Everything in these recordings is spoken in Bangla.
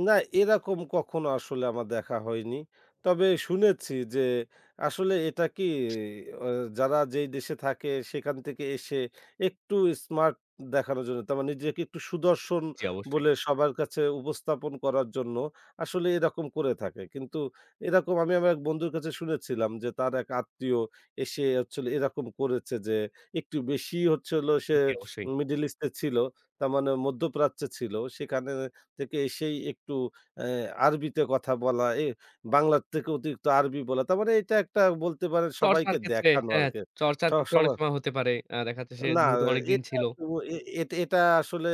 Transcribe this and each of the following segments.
না, এরকম কখনো আসলে আমার দেখা হয়নি। তবে শুনেছি যে, আসলে এটা কি, আ যারা যেই দেশে থাকে, সেখান থেকে এসে একটু স্মার্ট দেখানোর জন্য, তারা নিজেকে একটু সুদর্শন জি, অবশ্যই। বলে সবার কাছে উপস্থাপন করার জন্য আসলে এরকম করে থাকে। কিন্তু এরকম আমি আমার এক বন্ধুর কাছে শুনেছিলাম যে, তার এক আত্মীয় এসেছিল। এরকম করেছে যে, একটু বেশি হচ্ছে হল, সে জি, অবশ্যই। মিডল ইস্টে ছিল। তার মানে মধ্যপ্রাচ্যে ছিল। সেখানে থেকে এসেই একটু আ আরবিতে কথা বলা, এ বাংলার থেকে অতিরিক্ত আরবি বলা। তার মানে এটা একটা, বলতে পারেন, চর্চার সবাইকে ক্ষেত্রে দেখানো হ্যাঁ, আরকি। চর্চার ক্ষেত্রে অনেক সবসময় সময় হতে পারে। আ দেখাচ্ছে সে, না, যেহেতু অনেক এ দিন এটা ছিল। [unintelligible] এ এট এটা আসলে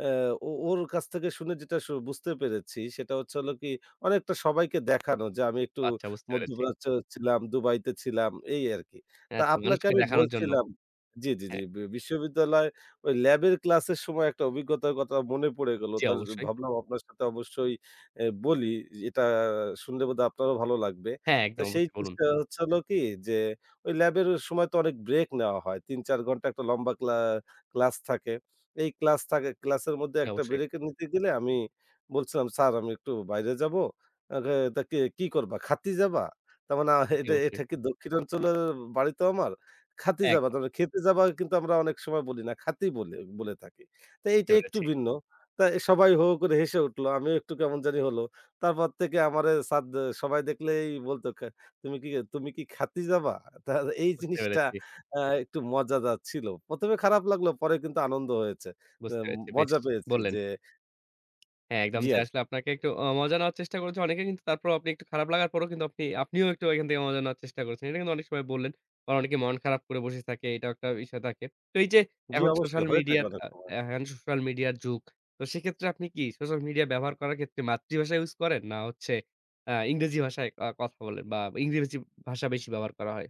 আ ও ওর কাছ থেকে শুনে যেটা আসলে বুঝতে পেরেছি, সেটা হচ্ছে হলো কি, অনেকটা সবাইকে দেখানো যে আমি একটু আচ্ছা, বুঝতে পেরেছি। মধ্যপ্রাচ্যে ছিলাম, দুবাইতে ছিলাম, এই আরকি। হ্যাঁ, তো আচ্ছা, আপনাকে মানুষকে আমি দেখানোর জন্য। বলছিলাম জি, জি, জি, হ্যাঁ। বি বিশ্ববিদ্যালয় ওই ল্যাবের ক্লাসের সময় একটা অভিজ্ঞতার কথা মনে পড়ে গেল। জি, তাজ অবশ্যই। ভাবলাম আপনার সাথে অবশ্যই এ বলি। এটা শুনলে বোধহয় আপনারও ভালো লাগবে। হ্যাঁ, তো একদম সেই অবশ্যই বলুন। জিনিসটা হচ্ছে, হলো কি, যে ওই ল্যাবের সময় তো অনেক ব্রেক নেয়া হয়। ৩-৪ ঘণ্টার একটা লম্বা ক্লা ক্লাস থাকে। এই ক্লাস থাকে ক্লাসের মধ্যে জি, একটা অবশ্যই। ব্রেকে নিতে গেলে আমি বলছিলাম, স্যার, আমি একটু বাইরে যাবো? আরে, তা কে কি করবা? খাতি যাবা? তার মানে আ জি, এটা অবশ্যই। এটা কি, দক্ষিণাঞ্চলের বাড়ি তো আমার। খাতি যাবা? একদম। তবে খেতে যাবা, কিন্তু আমরা অনেক সময় বলি না, খাতি বলি বলে থাকি। তা বুঝতে এইটা একটু পেরেছি। ভিন্ন। তা এ সবাই হো করে হেসে উঠল। আমিও একটু কেমন জানি হল। তারপর থেকে আমারে স্যার সবাই দেখলেই বলত, কা তুমি কি তুমি কি খাতি যাবা? তা এই বুঝতে জিনিসটা পেরেছি। আ একটু মজাদার ছিল। ১ম এ খারাপ লাগলো, পরে কিন্তু আনন্দ হয়েছে। বুঝতে এম পেরেছি। বেশ! মজা পেয়েছি বললেন। যে হ্যাঁ, একদম। জি, যে আর আসলে আপনাকে একটু আ মজা নেওয়ার চেষ্টা করেছে অনেকে। কিন্তু তারপরও, আপনি একটু খারাপ লাগার পরও, আপনি আপনিও একটু ওইখান থেকে মজা নেওয়ার চেষ্টা করছেন। এটা কিন্তু অনেক সময় বললেন। বা অনেকে মন খারাপ করে বসে থাকে। এটাও একটা বিষয় থাকে। তো এই যে জি, এখন অবশ্যই সোশ্যাল হয়ে থাকে মিডিয়ার অনেক আ সময়। হ্যান সোশ্যাল মিডিয়ার যুগ তো সেক্ষেত্রে আপনি কি সোশ্যাল মিডিয়া ব্যবহার করার ক্ষেত্রে মাতৃভাষা ইউজ করেন, না হচ্ছে আ ইংরেজি ভাষায় আ কথা বলেন, বা ইংরেজি ভাষা বেশি ব্যবহার করা হয়?